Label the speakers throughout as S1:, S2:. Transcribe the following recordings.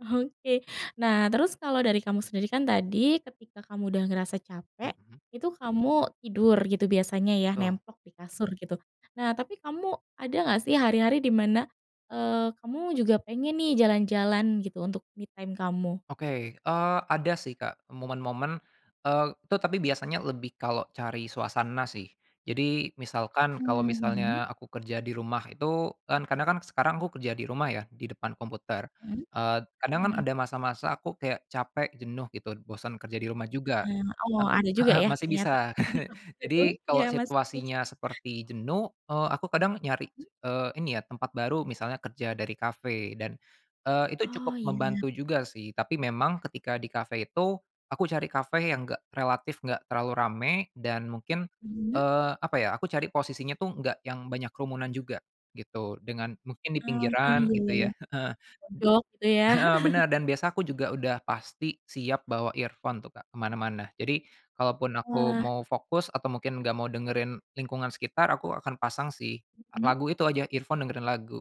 S1: Oke. Nah, terus kalau dari kamu sendiri kan tadi ketika kamu udah ngerasa capek,
S2: Mhm.
S1: itu kamu tidur gitu biasanya ya,
S2: Betul.
S1: nemplok di kasur gitu. Nah, tapi kamu ada enggak sih hari-hari di mana, eee, kamu juga pengen nih jalan-jalan gitu untuk me time kamu?
S2: Oke, eee, ada sih Kak momen-momen, eee, itu tapi biasanya lebih kalau cari suasana sih. Jadi misalkan, kalau
S1: Mhm.
S2: misalnya aku kerja di rumah itu, kan kadang kan sekarang aku kerja di rumah ya, di depan komputer.
S1: Hmm.
S2: Eee, kadang
S1: Mhm
S2: kan
S1: mhm.
S2: ada masa-masa aku kayak capek, jenuh gitu, bosen kerja di rumah juga.
S1: Heeh. Oh ada
S2: He
S1: juga
S2: heeh,
S1: ya
S2: masih
S1: ternyata
S2: bisa.
S1: [unintelligible]
S2: Jadi
S1: ya
S2: kalau
S1: masing-masing.
S2: situasinya seperti jenuh, eee, aku kadang nyari,
S1: Hmm?
S2: eee, ini ya tempat baru, misalnya kerja dari kafe dan, eee, itu
S1: Oh
S2: cukup membantu
S1: ya.
S2: juga sih, tapi memang ketika di kafe itu aku cari kafe yang enggak relatif enggak terlalu ramai, dan mungkin,
S1: Mhm.
S2: eee, apa ya, aku cari posisinya tuh enggak yang banyak kerumunan juga, gitu. Dengan mungkin di
S1: Oh, ah,
S2: pinggiran,
S1: iya iya
S2: gitu
S1: iya.
S2: ya. Heeh.
S1: Mojok gitu ya?
S2: Heeh, bener. Dan biasa aku juga pasti siap bawa earphone tuh Kak, ke mana-mana. Jadi, kalaupun aku
S1: Wah.
S2: mau fokus atau mungkin enggak mau dengerin lingkungan sekitar, aku akan pasang sih.
S1: Mhm.
S2: Lagu itu aja, earphone, dengerin lagu.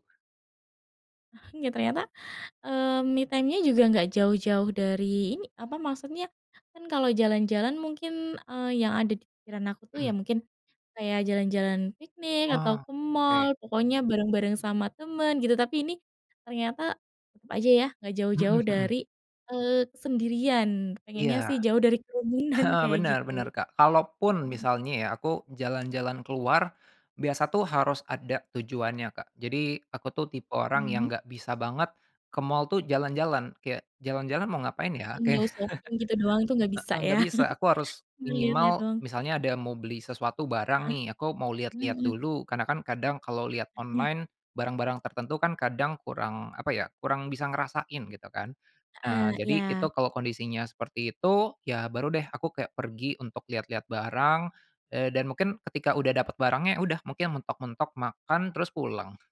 S1: Ternyata, eee, me time-nya juga enggak jauh-jauh dari ini apa maksudnya, kan kalau jalan-jalan mungkin, eee, yang ada di pikiran aku tuh ya
S2: Hmm.
S1: mungkin kayak jalan-jalan piknik, atau
S2: Oh,
S1: ke mall
S2: oke.
S1: pokoknya bareng-bareng sama temen gitu, tapi ini ternyata tetep aja ya enggak jauh-jauh
S2: Mhm mhm.
S1: dari, eee, kesendirian. Pengennya
S2: Iya.
S1: sih jauh dari kerumunan,
S2: Heeh,
S1: kayak
S2: bener
S1: gitu.
S2: bener Kak. Kalaupun
S1: Hmm.
S2: misalnya ya aku jalan-jalan keluar, biasa tuh harus ada tujuannya, Kak. Jadi aku tuh tipe orang
S1: Mhm.
S2: yang enggak bisa banget ke mall tuh jalan-jalan, kayak jalan-jalan mau ngapain ya? Kayak
S1: Window shopping gitu doang itu nggak bisa
S2: heeh, enggak
S1: ya?
S2: bisa. Aku harus
S1: Cuma liat-liat
S2: minimal
S1: doang.
S2: misalnya ada mau beli sesuatu barang
S1: Heeh.
S2: nih, aku mau
S1: Hmm
S2: lihat-lihat
S1: hmm.
S2: dulu, karena kan kadang kalau lihat
S1: Heeh.
S2: online barang-barang tertentu kan kadang kurang apa ya, kurang bisa ngerasain gitu kan.
S1: Heeh,
S2: Nah, jadi itu
S1: iya.
S2: kalau kondisinya seperti itu, ya baru deh aku kayak pergi untuk lihat-lihat barang, eee, dan mungkin ketika udah dapet barangnya, udah, mungkin mentok-mentok makan terus pulang.